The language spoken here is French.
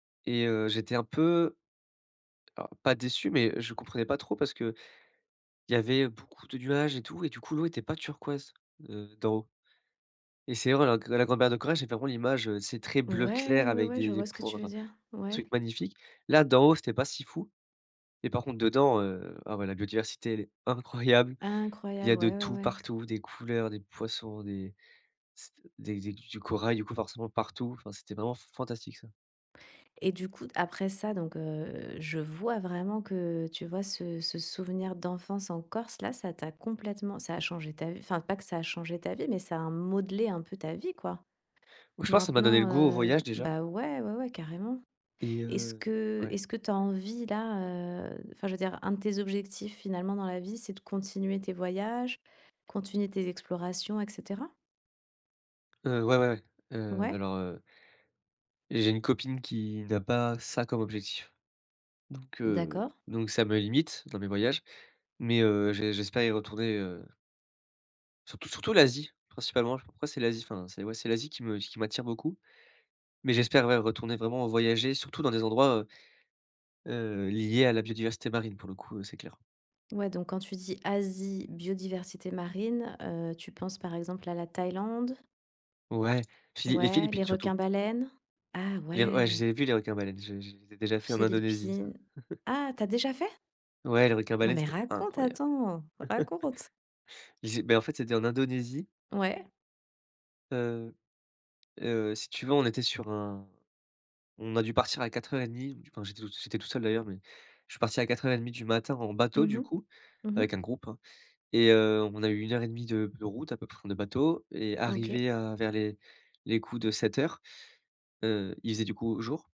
Et heu, j'étais un peu alors pas déçu, mais je comprenais pas trop parce qu'il y avait beaucoup de nuages et tout et du coup l'eau était pas turquoise, heu, d'en haut. Et c'est [unintelligible] la grande barrière de corail, j'ai vraiment l'image, heu, tu sais, très bleu clair Ouais, ouais, avec ouais, des je des vois ce que points, tu veux heu dire. Ouais. truc magnifique. Là, d'en haut, c'était pas si fou. Et par contre dedans, heu, ah ouais, la biodiversité, elle est incroyable. Il y Incroyable, a de ouais, ouais, tout, ouais. partout, des couleurs, des poissons, des c t des des du corail, du coup, forcément partout. Enfin, c'était vraiment fantastique ça. Et du coup d après ça, donc heu, je vois vraiment que, heu, tu vois ce ce souvenir d'enfance en Corse, là, ça t'a complètement ça a changé ta v enfin, pas que ça a changé ta vie, mais ça a modelé un peu ta vie, quoi? Je pense, ça m'a donné le Maintenant, goût au heu voyage, déjà ben ouais, ouais, ouais, carrément. et Est-ce heu. que Ouais est-ce que tu as envie là heu, enfin je veux dire, un de tes objectifs finalement dans la vie, c'est de continuer tes voyages, continuer tes explorations, et cetera? Heu, ouais, ouais, ouais. Heu, Ouais. alors, heu j'ai une copine qui n'a pas ça comme objectif donc, heu D'accord. donc ça me limite dans mes voyages. Mais heu, j'é j'espère y retourner heu surtout surtout l'Asie principalement, après c'est l'Asie, enfin, ouais, c'est l'Asie qui me qui m'attire beaucoup, mais j'espère, ouais, retourner vraiment, heu, voyager surtout dans des endroits, heu heu, liés à la biodiversité marine pour le coup, heu, c'est clair. Ouais, donc quand tu dis: «Asie, biodiversité marine» heu, tu penses par exemple à la Thaïlande? Ouais, puis les Ouais, les Philippines, surtout. requins baleines. Ah Les r ouais, je ouais. les ai vu les requins baleines, je je je les ai déjà fait en Indonésie, ça. Philippines. Ah, tu as déjà fait? Ouais, les requins Non, baleines, mais c'était raconte, incroyable. attends, raconte? Ils zé mais en fait, c'était en Indonésie T ouais. Heu heu, si tu veux, on était sur un on a dû partir à 04:30 du enfin, j'étais tout sui j'étais tout seul d'ailleurs mais je suis parti à 04:30 du matin en bateau, Mmh du mh. coup, Mmh avec mh. un groupe, hein, et heu, on a eu 1 heure et 1/2 de de route à peu près pour prendre le bateau et OK. arrivé à vers les les coups de 07:00, heu, il faisait, du coup, jour.